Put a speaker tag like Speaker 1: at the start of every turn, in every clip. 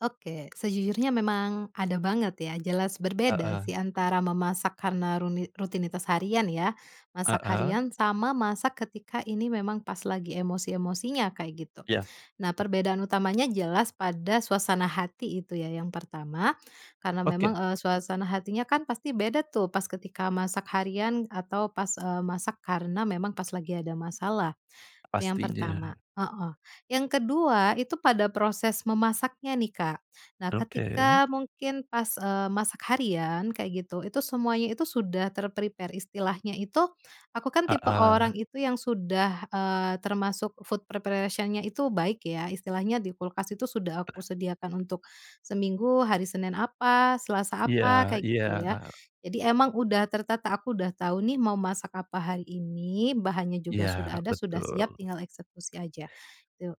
Speaker 1: Oke, sejujurnya memang ada banget ya. Jelas berbeda
Speaker 2: Heeh.
Speaker 1: sih antara memasak karena runi rutinitas harian ya, masak
Speaker 2: Heeh.
Speaker 1: harian sama masak ketika ini memang pas lagi emosi-emosinya kayak gitu.
Speaker 2: Iya.
Speaker 1: Nah perbedaan utamanya jelas pada suasana hati itu ya yang pertama, karena memang,
Speaker 2: Oke.
Speaker 1: eee, suasana hatinya kan pasti beda tuh pas ketika masak harian atau pas, eee, masak karena memang pas lagi ada masalah, itu yang
Speaker 2: Pastinya.
Speaker 1: pertama, heeh. Yang ke-2 itu pada proses memasaknya nih Kak, nah
Speaker 2: Oke.
Speaker 1: ketika mungkin pas, eee, masak harian kayak gitu, itu semuanya itu sudah ter-prepare, istilahnya itu aku kan tipe
Speaker 2: Heeh.
Speaker 1: orang itu yang sudah, eee, termasuk food preparation-nya itu baik ya, istilahnya di kulkas itu sudah aku sediakan untuk seminggu, hari Senin apa, Selasa
Speaker 2: Iya
Speaker 1: apa, kayak
Speaker 2: iya,
Speaker 1: gitu ya.
Speaker 2: heeh.
Speaker 1: Jadi emang udah tertata, aku udah tahu nih mau masak apa hari ini, bahannya juga sudah
Speaker 2: Iya,
Speaker 1: ada, sudah siap
Speaker 2: betul.
Speaker 1: tinggal eksekusi aja, tu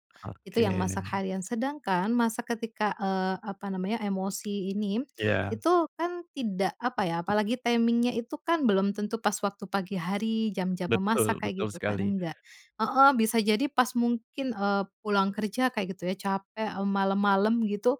Speaker 1: itu
Speaker 2: Oke.
Speaker 1: yang masak harian. Sedangkan masak ketika, eee, apa namanya, emosi ini,
Speaker 2: Iya.
Speaker 1: itu kan tidak, apa ya, apalagi timing-nya itu kan belum tentu pas waktu pagi hari jam-jam memasak
Speaker 2: Betul
Speaker 1: kayak
Speaker 2: betul
Speaker 1: gitu kan,
Speaker 2: sekali.
Speaker 1: enggak. Heeh, bisa jadi pas mungkin, eee, pulang kerja kayak gitu ya capek, m malam-malam gitu,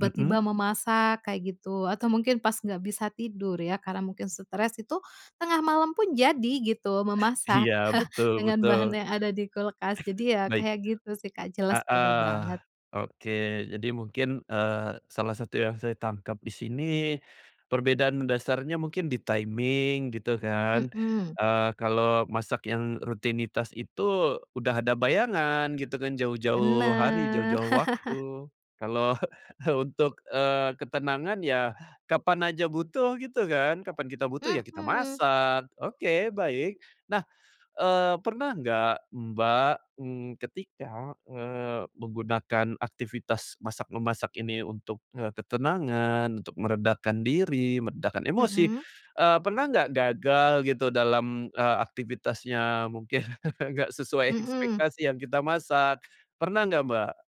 Speaker 2: Mhm.
Speaker 1: memasak kayak gitu atau mungkin pas nggak bisa tidur ya karena mungkin stress, itu tengah malam pun jadi gitu memasak
Speaker 2: Iya, betul
Speaker 1: dengan
Speaker 2: betul.
Speaker 1: bahan yang ada di kulkas, jadi ya
Speaker 2: Baik.
Speaker 1: kayak gitu sih Kak jelas beda
Speaker 2: Heeh,
Speaker 1: banget.
Speaker 2: oke. Jadi mungkin, eee, salah satu yang saya tangkap di sini perbedaan mendasarnya mungkin di timing gitu kan,
Speaker 1: Mhm.
Speaker 2: eee, kalau masak yang rutinitas itu udah ada bayangan gitu kan jauh-jauh hari,
Speaker 1: Bener.
Speaker 2: jauh-jauh waktu. Kalau untuk, eee, ketenangan yah kapan aja butuh gitu kan kapan kita butuh ya kita
Speaker 1: Mhm.
Speaker 2: masak, oke baik. Nah, eee, pernah nggak Mbak ng ketika, eee, menggunakan aktivitas masak-memasak ini untuk, eee, ketenangan, untuk meredakan diri, meredakan emosi,
Speaker 1: Mhm.
Speaker 2: eee, pernah nggak gagal gitu dalam, eee, aktivitasnya? Mungkin nggak sesuai
Speaker 1: Mhm.
Speaker 2: ekspektasi yang kita masak, pernah nggak, Mbak?